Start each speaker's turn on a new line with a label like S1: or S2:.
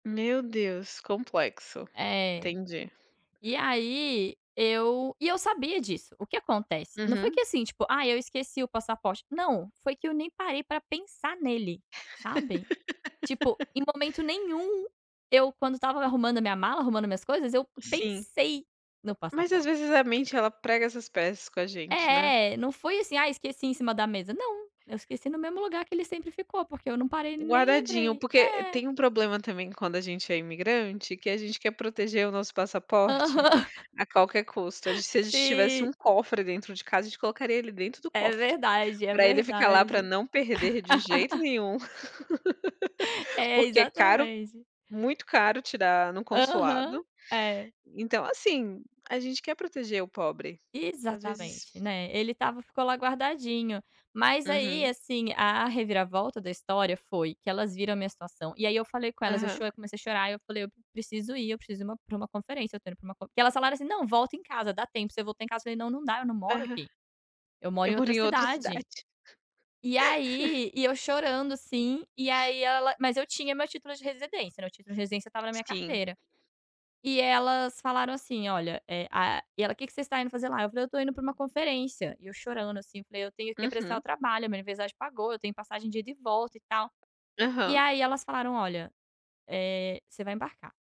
S1: Meu Deus, complexo.
S2: É.
S1: Entendi.
S2: E aí, eu e eu sabia disso. O que acontece? Não foi
S1: Uhum.
S2: que assim, tipo, ai eu esqueci o passaporte, não. Foi que eu nem parei para pensar nele, sabe? Tipo, em momento nenhum, eu quando estava arrumando a minha mala, arrumando minhas coisas eu
S1: Sim.
S2: pensei no
S1: Mas, às
S2: passaporte.
S1: vezes, a mente ela prega essas peças com a gente, né?
S2: É, não foi assim: "Ah, esqueci em cima da mesa." Não. Eu esqueci no mesmo lugar que ele sempre ficou, porque eu não parei, nem
S1: Guardadinho,
S2: lembrei.
S1: porque
S2: É.
S1: tem um problema também quando a gente é imigrante, que a gente quer proteger o nosso passaporte,
S2: Aham.
S1: a qualquer custo. Se a gente tivesse
S2: Sim.
S1: um cofre dentro de casa, a gente colocaria ele dentro do
S2: É
S1: cofre,
S2: verdade, é
S1: para ele ficar lá, pra
S2: verdade.
S1: não perder de jeito nenhum.
S2: É,
S1: Porque é caro
S2: exatamente.
S1: muito caro, tirar no
S2: Aham,
S1: consulado.
S2: é.
S1: Então, assim, a gente quer proteger o pobre, às vezes
S2: Exatamente, né, ele estava ficou lá guardadinho. Mas aí,
S1: Uhum.
S2: assim, a reviravolta da história foi que elas viram a minha situação, e aí, eu falei com elas, eu
S1: Aham.
S2: chorei, comecei a chorar, eu falei: "Preciso ir, eu preciso ir uma pra uma conferência, estou indo para uma conf" que elas falaram assim: "Não, volta em casa, dá tempo de você voltar em casa." Falei: "Não, não dá, eu não moro
S1: Aham.
S2: aqui. Eu moro
S1: Eu
S2: em
S1: por
S2: outra
S1: em outra
S2: cidade."
S1: cidade.
S2: E aí, e eu chorando assim, e aí ela mas eu tinha meu título de residência, meu título de residência estava na minha
S1: Sim.
S2: carteira. E elas falaram assim: "Olha, e a" E ela: "Que que vocês está indo fazer lá?" Eu falei: "Eu estou indo para uma conferência." E eu chorando, assim, eu falei: "Eu tenho que apressar o
S1: Uhum.
S2: trabalho. Minha universidade pagou, eu tenho passagem de ida e volta e tal." E
S1: Aham.
S2: aí elas falaram: "Olha, eh, você vai embarcar."